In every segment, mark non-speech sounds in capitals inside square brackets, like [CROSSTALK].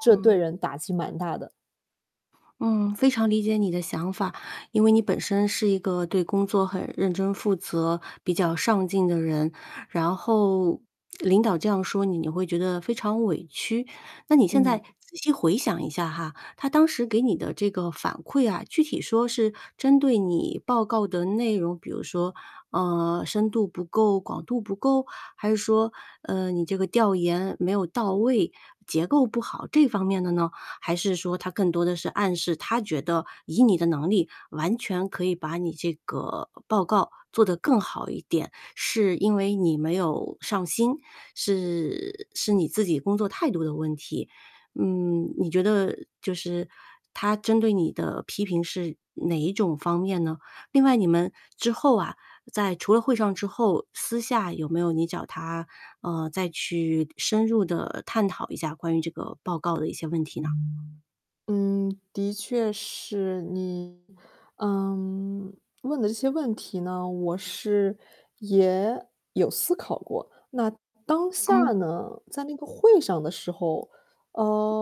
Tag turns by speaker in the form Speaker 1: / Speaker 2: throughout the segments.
Speaker 1: 这对
Speaker 2: 嗯。
Speaker 1: 人打击蛮大的。
Speaker 2: 嗯，非常理解你的想法。因为你本身是一个对工作很认真负责、比较上进的人。然后领导这样说你，你会觉得非常委屈。那你现在
Speaker 1: 嗯。
Speaker 2: 仔细回想一下哈，他当时给你的这个反馈啊，具体说是针对你报告的内容比如说，呃，深度不够、广度不够？还是说，呃，你这个调研没有到位、结构不好，这方面的呢？还是说他更多的是暗示他觉得以你的能力完全可以把你这个报告做得更好一点，是因为你没有上心，是是你自己工作态度的问题。嗯，你觉得，就是他针对你的批评是哪一种方面呢？另外，你们之后啊在除了会上之后，私下有没有你找他，呃，再去深入地探讨一下关于这个报告的一些问题呢？
Speaker 1: 嗯，的确是。你，嗯，问的这些问题呢，我是也有思考过。那当
Speaker 2: 嗯。
Speaker 1: 下呢在那个会上的时候，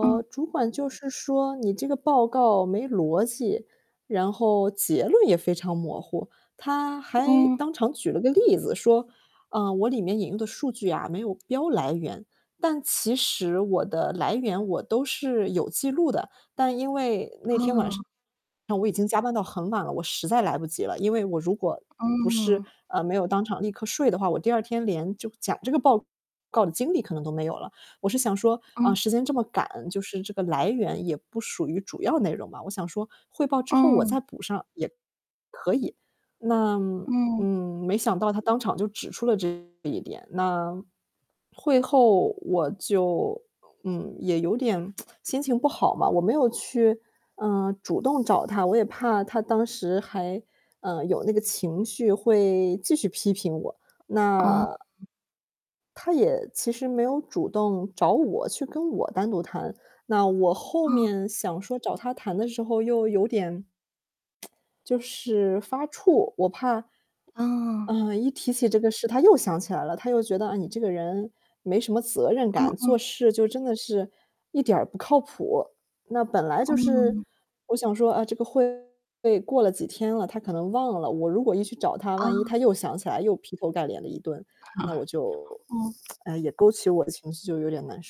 Speaker 2: 嗯。
Speaker 1: 主管就是说：“你这个报告没逻辑，然后结论也非常模糊。”他还
Speaker 2: 嗯。
Speaker 1: 当场举了个例子说，啊，我里面引用的数据啊，没有标来源。但其实我的来源，我都是有记录的。但因为那天晚上，
Speaker 2: 哦。
Speaker 1: 我已经加班到很晚了，我实在来不及了。因为我如果不是
Speaker 2: 嗯。
Speaker 1: 呃，没有当场立刻睡的话，我第二天连就讲这个报告的精力可能都没有了。我是想说，呃，
Speaker 2: 嗯。
Speaker 1: 时间这么赶，就是这个来源也不属于主要内容嘛。我想说汇报之后我
Speaker 2: 嗯。
Speaker 1: 再补上也可以。那
Speaker 2: 嗯。
Speaker 1: 嗯，没想到他当场就指出了这一点。那会后我就嗯，也有点 [TSK] 心情不好嘛，我没有去，嗯，主动找他。我也怕他当时还，呃，有那个情绪会继续批评我。
Speaker 2: 哦。
Speaker 1: 那他也，其实没有主动找我去跟我单独谈。那我后
Speaker 2: 哦。
Speaker 1: 面想说，找他谈的时候又有点 [TSK] 就是发怵，我怕，
Speaker 2: 嗯。
Speaker 1: 呃，一提起这个事，他又想起来了。他又觉得：“啊，你这个人没什么责任
Speaker 2: 嗯
Speaker 1: 感，
Speaker 2: 嗯。
Speaker 1: 做事就真的是一点儿不靠谱。”那本来就是
Speaker 2: 嗯。
Speaker 1: 我想说，啊，这个会过了几天了，他可能忘了。我如果一去找他，万一
Speaker 2: 嗯。
Speaker 1: 他又想起来又劈头盖脸的一顿，那我
Speaker 2: [CHUCKLES]
Speaker 1: 就
Speaker 2: 嗯。
Speaker 1: [TSK] 也勾起我的情绪，就有点难受。